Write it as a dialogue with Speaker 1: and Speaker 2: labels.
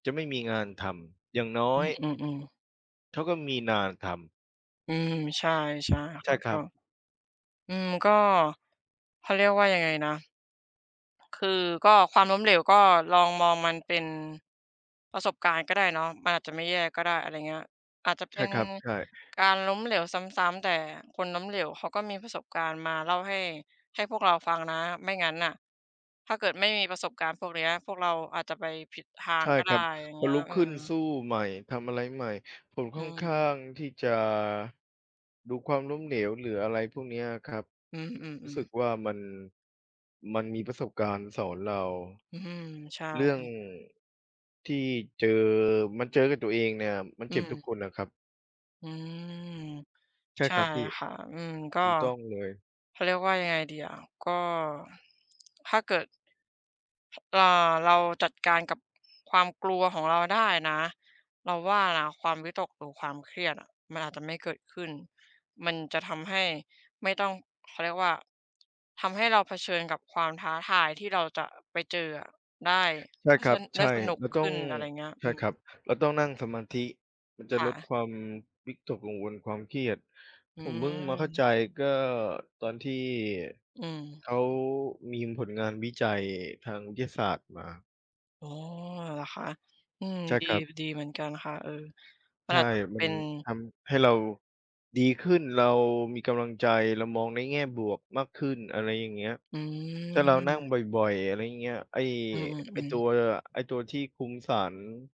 Speaker 1: จะไม่มีงานทำ อย่างน้
Speaker 2: อ
Speaker 1: อ
Speaker 2: ื
Speaker 1: ย
Speaker 2: อ ๆ ๆ
Speaker 1: เขา ก็มีนานทำ
Speaker 2: อืม ใช่ ใช่
Speaker 1: ใ
Speaker 2: ค
Speaker 1: ช
Speaker 2: ่
Speaker 1: ่
Speaker 2: ะ
Speaker 1: ค
Speaker 2: ก
Speaker 1: ร
Speaker 2: ็
Speaker 1: ับ
Speaker 2: อืม ก็ เขาเรียกว่ายังไงนะ คือ ก็ความล้มเหลว ก็ลองมองมันเป็นประสบการณ์ก็ได้เนาะ มันอาจจะไม่แย่ก็ได้ อะไรเงี้ย อาจจะเ
Speaker 1: ใ
Speaker 2: ป
Speaker 1: ช
Speaker 2: ็
Speaker 1: ่
Speaker 2: น
Speaker 1: ครับ ใช่
Speaker 2: การล้มเหลวซ้ำ ๆ แต่คนล้มเหลว เขาก็มีประสบการณ์มาเล่าให้ ให้พวกเราฟังนะ ไม่งั้นน่ะ ถ้าเกิดไม่มีประสบการณ์พวกเนี้ย พวกเราอาจจะไปผิดทา
Speaker 1: ใช
Speaker 2: ง
Speaker 1: ่
Speaker 2: ก็ไ
Speaker 1: ค
Speaker 2: ด
Speaker 1: ร
Speaker 2: ้
Speaker 1: ับ
Speaker 2: อย่าง
Speaker 1: พ
Speaker 2: เง
Speaker 1: อ
Speaker 2: ี้ย
Speaker 1: ลุก
Speaker 2: อื
Speaker 1: ขึ้นส
Speaker 2: ม
Speaker 1: ู้ใหม่ ทำอะไรใหม่ ผม
Speaker 2: อื
Speaker 1: ค่อนข้า
Speaker 2: ม
Speaker 1: งที่จะ ดูความล้มเหลว หรืออะไรพวกเนี้ยอะครับ
Speaker 2: อื
Speaker 1: รู้
Speaker 2: ม
Speaker 1: ส
Speaker 2: ๆ
Speaker 1: ึ
Speaker 2: ๆ
Speaker 1: กว่า มัน มันมีประสบการณ์สอนเรา
Speaker 2: อือฮึ ใช่
Speaker 1: เรื่องที่เจอมันเจอกับตัวเองเนี่ย มัน
Speaker 2: อื
Speaker 1: เจ็บทุก
Speaker 2: ม
Speaker 1: คนอะครับ
Speaker 2: อืม
Speaker 1: ใช่
Speaker 2: ใช
Speaker 1: ค
Speaker 2: ่
Speaker 1: รับพี่
Speaker 2: ค่ะ อืม ก็
Speaker 1: ถูต้องเลย
Speaker 2: เขาเรียกว่ายังไงดีอะ ก็ ถ้าเกิด เอ่อ เราจัดการกับ ความกลัวของเราได้นะ เราว่านะ ความวิตก หรือความเครียดอะ มันอาจจะไม่เกิดขึ้น มันจะทำให้ไม่ต้อง เขาเรียกว่า ทำให้เราเผชิญกับความท้าทาย ที่เราจะไปเจออะได้
Speaker 1: ใช
Speaker 2: เ
Speaker 1: ่
Speaker 2: พราะ
Speaker 1: ค
Speaker 2: ฉ
Speaker 1: ร
Speaker 2: ะ
Speaker 1: ั
Speaker 2: นั
Speaker 1: บ
Speaker 2: ้น ไ
Speaker 1: ใ
Speaker 2: ด
Speaker 1: ช
Speaker 2: ้
Speaker 1: ่
Speaker 2: สนุก
Speaker 1: เรา
Speaker 2: ข
Speaker 1: ต้อ
Speaker 2: ึ้
Speaker 1: ง
Speaker 2: น อะไรเงี้ย
Speaker 1: ใ
Speaker 2: อ
Speaker 1: ช
Speaker 2: ื
Speaker 1: ่ครับ
Speaker 2: ม
Speaker 1: เราต้องนั่งสมาธิ มันจะ
Speaker 2: ค่
Speaker 1: ลด
Speaker 2: ะ
Speaker 1: ความวิตกกังวล ความเครียด
Speaker 2: อื
Speaker 1: ผมเพิ่งมาเข้าใ
Speaker 2: ม
Speaker 1: จ ก็ตอนที่
Speaker 2: อืม
Speaker 1: เขามีผลงานวิจัยทางวิทยาศาสตร์มา
Speaker 2: อ๋อ เหรอคะ? อืม
Speaker 1: ใช่
Speaker 2: ดี
Speaker 1: ครับ
Speaker 2: ดีเหมือนกันค่ะ เออ มั
Speaker 1: ใช
Speaker 2: นอ
Speaker 1: ่
Speaker 2: าจจะ
Speaker 1: ม
Speaker 2: เ
Speaker 1: ั
Speaker 2: ป็
Speaker 1: น
Speaker 2: น
Speaker 1: ทำให้เราดีขึ้น เรามีกำลังใจ เรามองในแง่บวกมากขึ้น อะไรอย่างเงี้ย
Speaker 2: อื
Speaker 1: ถ้าเรานั่ง
Speaker 2: ม
Speaker 1: บ่อย ๆ อะไรอย่างเงี้ย ไอ้
Speaker 2: อื
Speaker 1: ไอ้ต
Speaker 2: อ
Speaker 1: ั
Speaker 2: ๆ ๆ
Speaker 1: ว ไอ้ตัวที่คุมสาร